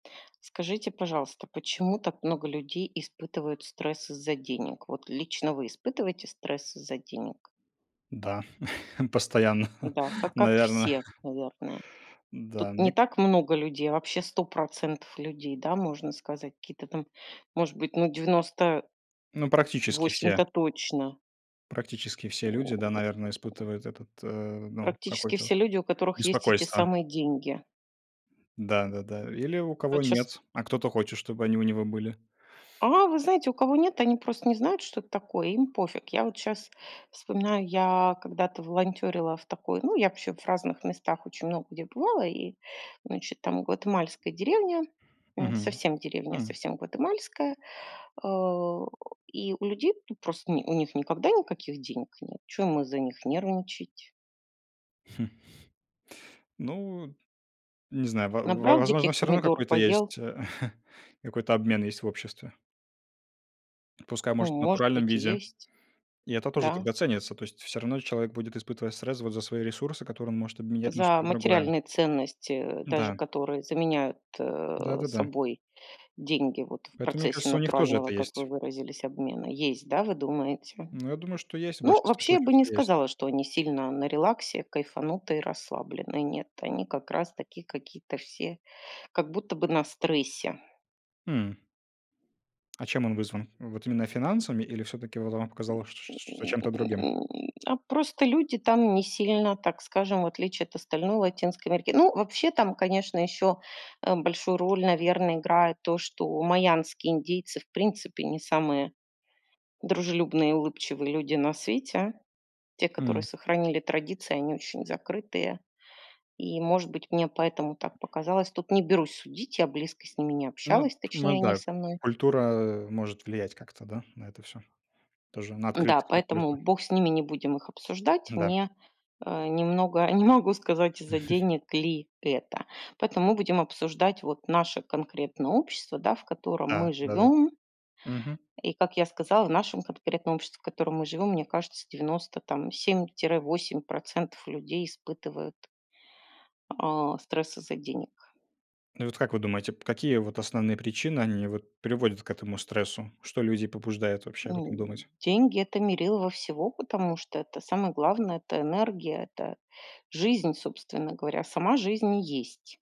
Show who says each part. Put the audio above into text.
Speaker 1: Скажите, пожалуйста, почему так много людей испытывают стресс из-за денег? Вот лично вы испытываете стресс из-за денег?
Speaker 2: Да, постоянно,
Speaker 1: Да, ка как
Speaker 2: наверно.
Speaker 1: все, наверное. Тут
Speaker 2: Н-да,
Speaker 1: не
Speaker 2: мне к
Speaker 1: так много людей, а вообще 100 % людей, да, можно сказать. Какие-то там, может быть, ну, 90
Speaker 2: Ну, практически все.
Speaker 1: восемь-то точно.
Speaker 2: Практически все люди, да, наверное, испытывают этот, э, ну,
Speaker 1: Практически
Speaker 2: какое-то
Speaker 1: все
Speaker 2: вот
Speaker 1: люди, у которых есть эти
Speaker 2: беспокойство.
Speaker 1: самые деньги.
Speaker 2: Да да да. Или у
Speaker 1: А,
Speaker 2: кого
Speaker 1: вот щас
Speaker 2: нет, а кто-то хочет, чтобы они у него были.
Speaker 1: А, вы знаете, у кого нет, они просто не знают, что это такое. Им пофиг. Я вот щас вспоминаю, я когда-то волонтёрила в такой ну, я вообще в разных местах, очень много где бывала. И, значит, там гватемальская деревня. М.
Speaker 2: Мгм,
Speaker 1: Совсем деревня,
Speaker 2: м.
Speaker 1: совсем гватемальская. А. И у людей, ну, просто у ни у них никогда никаких денег нет, чё им из-за них нервничать?
Speaker 2: Ну, не знаю, во в во
Speaker 1: Набрал
Speaker 2: возможно,
Speaker 1: диких
Speaker 2: всё равно
Speaker 1: помидор,
Speaker 2: какой-то
Speaker 1: поел.
Speaker 2: есть, какой-то обмен есть в обществе. Пускай
Speaker 1: Ну,
Speaker 2: может в
Speaker 1: может
Speaker 2: натуральном
Speaker 1: быть, и
Speaker 2: виде,
Speaker 1: есть.
Speaker 2: и это тоже
Speaker 1: Да.
Speaker 2: тогда ценится, то есть всё равно человек будет испытывать стресс вот за свои ресурсы, которые он может обменять на
Speaker 1: За
Speaker 2: что-то другое.
Speaker 1: материальные ценности, э, даже
Speaker 2: Да.
Speaker 1: которые заменяют
Speaker 2: Да да да.
Speaker 1: собой деньги, вот, в
Speaker 2: Поэтому, мне
Speaker 1: процессе
Speaker 2: кажется, у них тоже
Speaker 1: натурального,
Speaker 2: это
Speaker 1: как вы
Speaker 2: есть.
Speaker 1: выразились, обмена. Есть, да, вы думаете?
Speaker 2: Ну, я думаю, что есть, в
Speaker 1: Ну,
Speaker 2: большинстве
Speaker 1: вообще я
Speaker 2: случаев
Speaker 1: бы не
Speaker 2: это есть.
Speaker 1: сказала, что они сильно на релаксе, кайфанутые и расслаблены. Нет, они как раз такие какие-то все как будто бы на стрессе.
Speaker 2: Хм. А чем он вызван? Вот именно финансами или всё-таки, вот, вам показалось, ш что
Speaker 1: М.
Speaker 2: чем-то другим?
Speaker 1: А просто люди там не сильно, так скажем, в отличие от остальной Латинской Америки Ну, вообще, там, конечно, ещё, э, большую роль, наверно, играет то, что майамские индийцы в принципе не самые дружелюбные и улыбчивые люди на свете. Те, которые
Speaker 2: М.
Speaker 1: сохранили традиции, они очень закрытые. И, может быть, мне поэтому так показалось. Тут не берусь судить. Я близко с ними не
Speaker 2: Ну, т
Speaker 1: общалась,
Speaker 2: ну
Speaker 1: точнее, они
Speaker 2: да.
Speaker 1: со мной.
Speaker 2: Культура может влиять как-то, да, на это всё, тоже на
Speaker 1: Н-да,
Speaker 2: открытость какую-то.
Speaker 1: поэтому бог с ними, не будем их обсуждать.
Speaker 2: Н-да.
Speaker 1: Мне, э, немного не могу сказать, из-за денег ли это. Поэтому мы будем обсуждать вот наше конкретное общество, да, в котором
Speaker 2: Да
Speaker 1: мы
Speaker 2: да, д
Speaker 1: живем.
Speaker 2: Мгм.
Speaker 1: И как я сказала, в нашем конкретном обществе, в котором мы живем, мне кажется, 97-8 % людей испытывают а стресс из-за денег.
Speaker 2: Ну и вот, как вы думаете, п какие вот основные причины они вот приводят к этому стрессу? Что людей побуждает вообще об этом
Speaker 1: Ну.
Speaker 2: думать?
Speaker 1: Деньги- это мерило в всего, потому что это самое главное, это энергия, это жизнь, собственно говоря, сама жизнь и есть.